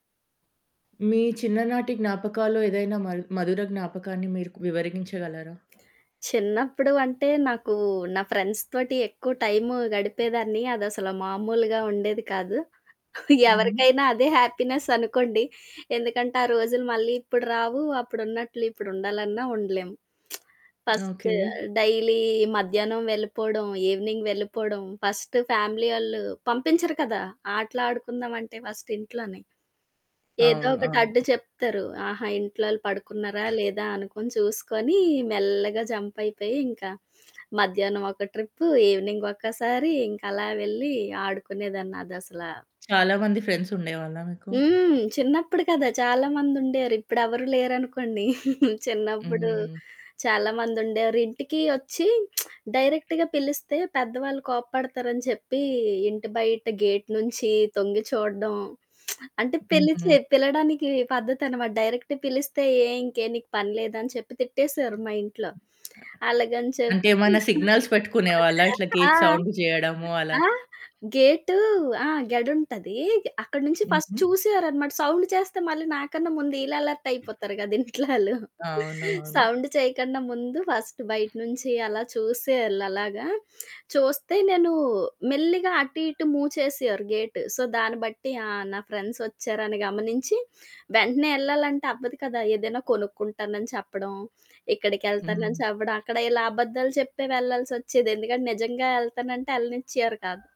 మీ చిన్ననాటి జ్ఞాపకాల్లో ఏదైనా మల్ మధుర జ్ఞాపకాన్ని మీరు కు వివరగించగలరా? చిన్నప్పుడు అంటే, నాకు నా ఫ్రెండ్స్ తోటి ఎక్కువ టైము గడిపేదాన్ని, అదసలా మామూలుగా ఉండేది కాదు. హుహు. ఎవరికైనా అదే హ్యాపీనెస్ అనుకోండి. ఎందుకంటే ఆ రోజులు మళ్ళీ ఇప్పుడు రావు, అప్పుడున్నట్లు ఇప్పుడు ఉండాలన్నా ఉండలేము. First okay. డైలీ మధ్యాహ్నం వెళ్ళిపోవడం, ఈవెనింగ్ వెళ్ళిపోవడం, ఫస్ట్ ఫ్యామిలీ ఒళ్ళు పంపించరు కదా! ఆటలడుకుందాం అంటే ఫస్ట్ ఇంట్లోని. ఏదో అవును. ఒకటి అడ్డు అవును. చెప్తరు ఆహా! ఇంట్లో‌ళ్ళు పడుకున్నారా? లేదా? అనుకుని చూసుకొని, మెల్లగా జంప్ అయిపోయి, ఇంకా మధ్యాహ్నం ఒక ట్రిప్పు ఈవెనింగ్ ఒక్కసారి ఇంక అలా వెళ్ళి ఆడుకునేదాన్ని. అదసలా చాలా మంది ఫ్రెండ్స్ ఉండేవాళ్ళా మీకు? హ్మ్. చిన్నప్పుడు కదా! చాలా మందుండేరు ఇప్పుడు ఎవరు లేరనుకోండి. చిన్నప్పుడు హ్మ్. చాలా మంది ఉండేరు. ఇంటికి వచ్చి డైరెక్ట్‌గా పిలిస్తే, పెద్దవాళ్ళు కోప్పడతారు అని చెప్పి, ఇంటి బయట గేట్ నుంచి తొంగి చూడడం, అంటే హుహు. పిలిచి పిలడానికి పద్ధతి అనమాట డైరెక్ట్ పిలిస్తే, "ఏం ఇంకేం నీకు పని లేదా?" అని చెప్పి తిట్టేసారు మా ఇంట్లో అలాగని చెప్పి అంటే, ఏమన్నా సిగ్నల్స్ పెట్టుకునేవాళ్ళ ఇట్లా ఆ! గేట్ సౌండ్ చేయడము అలా? ఆ! గేటు ఆ! గేడుంటది గే అక్కడి నుంచి ఫస్ట్ హుహు. చూసేవారనమాట. సౌండ్ చేస్తే మళ్ళీ నాకన్నా ముందు ఈళ్ళు అలర్ట్ అయిపోతారు కదా! ఇంట్లో వాళ్ళు. అవునవును. సౌండ్ చేయకన్నా ముందు ఫస్ట్ బయట నుంచి అలా చూసేవాళ్ళు. అలాగా చూస్తే నేను మెల్లిగా అటు ఇటు మూవ్ చేసేవారు గేటు. సో దాన్ని బట్టి ఆ నా ఫ్రెండ్సొచ్చారని గమనించి, వెంటనే ఏళ్ళాలంటే అవ్వదు కదా! ఏదైనా కొనుక్కుంటానని చెప్పడం, ఇక్కడికేళ్తానని హ్మ్. చెప్పడం, అక్కడ ఇలా అబద్దాలు చెప్పే వెళ్ళాల్సొచ్చేది ఎందుకంటే నిజంగా ఏళ్తానంటే ఏళ్ళనిచ్చేవారు కాదు.